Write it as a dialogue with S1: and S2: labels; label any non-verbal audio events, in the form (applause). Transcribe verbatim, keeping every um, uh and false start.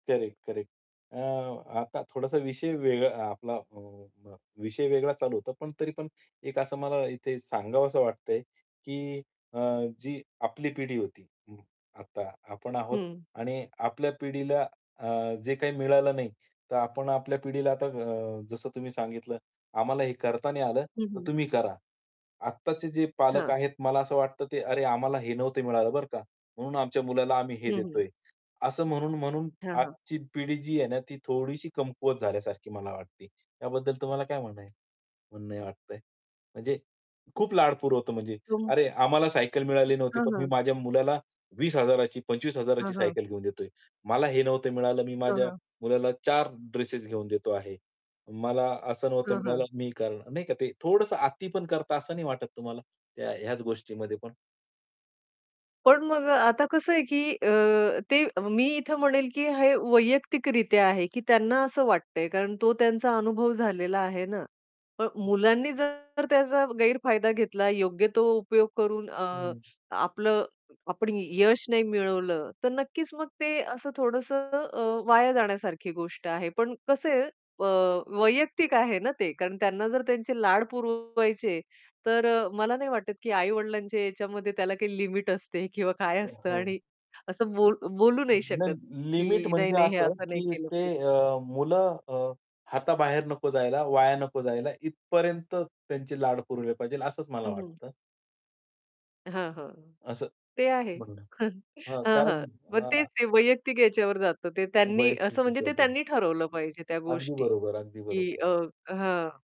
S1: Correct, correct. अ, आता थोडासा विषय वेगळा आपला विषय वेगळा चालू होता पण तरी पण एक असं मला इथे सांगावसं वाटतंय, की अ, जी आपली पिढी होती, आता आपण आहोत
S2: हं.
S1: आणि आपल्या पिढीला अ, जे काही मिळालं नाही. तर आपण आपल्या पिढीला आता अ, जसं तुम्ही सांगितलं, आम्हाला हे करताना आलं,
S2: हं,
S1: तर
S2: हं.
S1: तुम्ही करा. आत्ताचे जे पालक
S2: हां.
S1: आहेत मला असं वाटतं, की अरे, आम्हाला हे नव्हतं मिळालं बरं का, म्हणून आमच्या मुलाला आम्ही हे
S2: हं, हं.
S1: देतोय. असं म्हणून-म्हणून
S2: हां, हां.
S1: आजची पिढी जी आहे ना ती थोडीशी कमकुवत झाल्यासारखी मला वाटते. त्याबद्दल तुम्हाला काय म्हणणं आहे म्हणणं वाटतंय. म्हणजे खूप लाडपूर होतं म्हणजे
S2: तुम
S1: अरे, आम्हाला सायकल मिळाली नव्हती,
S2: हां,
S1: पण मी
S2: हां.
S1: माझ्या मुलाला वीस हजार ची पंचवीस हजार ची
S2: हां, हां.
S1: सायकल घेऊन देतोय. मला हे नव्हतं मिळालं, मी
S2: हां,
S1: माझ्या
S2: हां.
S1: मुलाला चार ड्रेसेस घेऊन देतो आहे. मला असं नव्हतं
S2: हां,
S1: मिळालं
S2: हां.
S1: मी कर नाही का ते थोडंसं अति पण करता असं नाही वाटत तुम्हाला? ह्या ह्याच गोष्टीमध्ये पण?
S2: पण मग आता कसं आहे, की अ, ते मी इथे म्हणेल, की हे वैयक्तिकरित्या आहे, की त्यांना असं वाटतंय, कारण तो त्यांचा अनुभव झालेला आहे ना. पण मुलांनी जर त्याचा गैरफायदा घेतला, योग्य तो उपयोग करून अ,
S1: हं.
S2: आपलं आपण यश नाही मिळवलं, तर नक्कीच मग ते असं थोडंसं अ, वाया जाण्यासारखी गोष्ट आहे. पण कसं आहे अ, वैयक्तिक आहे ना ते, कारण त्यांना जर त्यांचे लाड पुरवायचे, तर अ, मला नाही वाटत, की आई-वडिलांच्या याच्यामध्ये त्याला काही लिमिट असते किंवा काय असतं.
S1: हो.
S2: आणि असं बोलू बोलू नाही शकत,
S1: नाही. लिमिट
S2: की
S1: म्हणजे
S2: नाही-नाही हे
S1: असं,
S2: असं नाही
S1: की
S2: केलं
S1: ते
S2: पाहिजे.
S1: अ, मुलं अ, हाताबाहेर नको जायला, वाया नको जायला, इथपर्यंत त्यांची लाड पुरवली पाहिजे, असंच मला
S2: हं.
S1: वाटतं.
S2: हां, हां.
S1: असं
S2: ते आहे.
S1: म्हणणं
S2: (chuckles)
S1: आहे. हां,
S2: हां,
S1: कारण
S2: हां. मग
S1: हां.
S2: तेच वैयक्तिक याच्यावर जातं. ते त्यांनी
S1: वैयक्तिक
S2: असं म्हणजे ते
S1: (unintelligible)
S2: त्यांनी ठरवलं पाहिजे त्या
S1: अगदी
S2: गोष्टी,
S1: बरोबर, अगदी
S2: की
S1: बरोबर.
S2: अ, हां.